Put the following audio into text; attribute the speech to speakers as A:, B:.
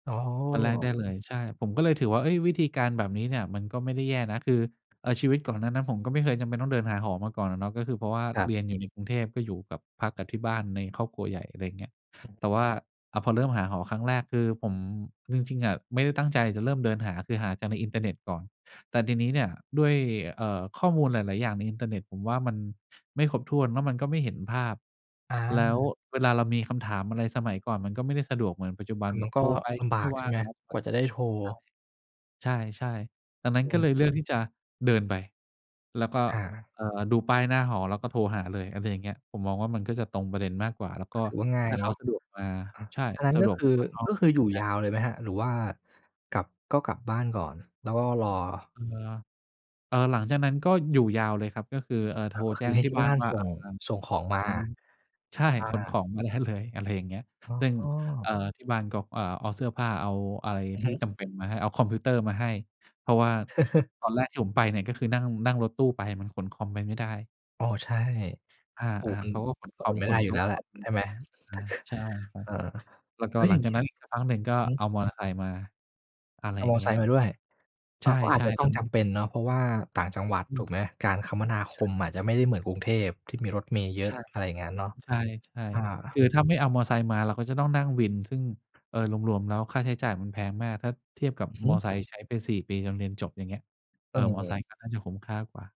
A: อ๋
B: วันแรกได้
A: อ
B: เลย ใช่ ผมก็เลยถือว่า เฮ้ย วิธีการแบบนี้เนี่ยมันก็ไม่ได้แย่นะ คือ เอ่อ ชีวิตก่อนหน้านั้น ผมก็ไม่เคยจำเป็นต้องเดินหาหอมาก่อนน่ะเนาะ ก็คือเพราะว่า
A: ครั
B: เ
A: บ
B: รียนอยู่ในกรุงเทพก็อยู่กับพักกับที่บ้านในครอบครัวใหญ่ อะไรอย่างเงี้ย
A: อือ
B: แต่ว่า อะ พอเริ่มหาหอครั้งแรก คือผมจริง ๆ อะไม่ได้ตั้งใจจะเริ่มเดินหา คือหาจากในอินเทอร์เน็ตก่อน แต่ทีนี้เนี่ยด้วย เอ่อ ข้อมูลหลาย ๆ อย่างในอินเทอร์เน็ตผมว่ามันไม่ครบถ้วน แล้วมันก็ไม่เห็นภาพ
A: อ
B: แล้ว
A: า
B: เวลาเรามีคำถามอะไร สมัยก่อนมันก็ไม่ได้สะดวกเหมือนปัจจุบั
A: ม
B: น
A: ัน
B: แ
A: ม
B: บ
A: ัน
B: บ
A: ก
B: โ
A: ็
B: ทรไป
A: ล
B: ก็
A: ำบ
B: ไม
A: า
B: ่
A: ก
B: ว
A: ใช
B: ่
A: ่
B: า
A: ไ
B: ง
A: หม
B: รับบ
A: ก
B: ้
A: ว
B: า
A: ่า
B: ง
A: จะได้โทร
B: ใช่ ใช่ ๆ ตอนนั้
A: อ
B: น
A: ื
B: ก็เ
A: ม
B: ลยเลือกที่จะเดินไป แล้วก็
A: อา
B: เอ่อ ดูป้ายหน้าหอแล้วก็โทรหาเลย อะไรอย่างเงี้ย ผมมองว่ามันก็จะตรงประเด็นมากกว่า แล้วก็
A: ถือว่าง่า
B: ถ
A: ย
B: ้าเ
A: เ
B: ข
A: น
B: า
A: าะ
B: สะดวกมา
A: อะ
B: ใช่
A: อันนั้
B: ส
A: น
B: ะ
A: ก็
B: ดวก
A: ค
B: ม
A: ื
B: า
A: อ
B: เปิดห้อ
A: ก
B: ง
A: ็คืออยู่ยาวเลยไหมครับ หรือว่ากลับ ก็กลับบ้านก่อน แล้วก็รอ?
B: เออ เออ หลังจากนั้นก็อยู่ยาวเลยครับ ก็คือ เอ่อ โท
A: แล้
B: ร
A: วก็
B: แ
A: ค
B: จ
A: ื
B: ้
A: อใ
B: ง
A: ห้
B: ที
A: ท
B: ่
A: ี่
B: บ้
A: บ
B: า
A: ้
B: น
A: าน
B: ว่า
A: ส่
B: อ่
A: ง
B: า
A: ส่งของมา
B: ใช่
A: อ
B: ขนข
A: า
B: องมาได้เลย อะไรอย่างเงี้ย
A: อ
B: ซึ่ง
A: ๋
B: เอ
A: อ
B: ่อ ที่บ้านก็ เอ่อ เอาเสื้อผ้าเอาอะไร
A: อือฮ
B: ที่
A: ึ
B: จำเป็นมาให้ เอาคอมพิวเตอร์มาให้ เพราะว่าตอนแรกที่ผมไปเนี่ย ก็คือนั่ง นั่งรถตู้ไป มันขนคอมไปไม่ได้
A: อ๋อ ใช่
B: อา
A: ปลูกมั
B: ๆ
A: น
B: เขาก็ขน
A: ข
B: คอม
A: นไม่
B: ข
A: ได้
B: น
A: อย
B: โ
A: ู
B: ต
A: ่
B: ๊
A: แล้
B: ะ
A: วแหล
B: ค
A: ะ
B: อม อ
A: ใช่ไหม
B: ือฮึ อา ใช่ครับ
A: เออ
B: แล้วก
A: แ
B: ็
A: ล้ว
B: หล
A: อ
B: ั
A: ย่
B: ง
A: าง
B: จ
A: เ
B: า
A: ง
B: ก
A: ี้
B: นั
A: ย
B: ้นอีกสักพักหนึ่งก็
A: อือ
B: เ
A: ฮ
B: อ
A: ึ
B: ามอเตอร์ไซค์มา อะไร
A: เอ
B: อ
A: า
B: ย่า
A: ม
B: ง
A: อ
B: เงี
A: ไ
B: ้
A: ซ
B: ย
A: ค
B: คร
A: ์
B: ั
A: ม
B: บ
A: าด้วย
B: ใ
A: อ
B: ช
A: า ก็อาจ
B: ่
A: จะต
B: ๆ ต
A: ้อ
B: อ
A: ง
B: น
A: จ
B: นั้น
A: ำเป็นเนาะ เพราะว่าต่างจังหวัด
B: อ
A: ถ
B: ื
A: ู
B: ม
A: กไหม การคมนาค
B: ใช่
A: มอาจจะไม่ได้เหมือนกรุงเทพที่มีรถเมล์เยอ
B: ใช
A: ะ
B: ่
A: อะไรอย่างงั้นเนาะ
B: ใช่
A: อ
B: ๆ ค
A: า
B: ือถ้าไม่เอามอไซค์มาเราก็จะต้องนั่งวิน ซึ่ง เออ รวม ๆ แล้วค่าใช้จ่ายมันแพงมาก ถ้าเทียบกับ
A: อือฮ
B: ม
A: ึ
B: อเตอร์ไซค์ใช้ไป 4 ปี จนเรียนจบ อย่างเงี้ย เอ่อ มอไซค
A: เออ
B: ์ก็น่าจะคุ้มค่ากว่า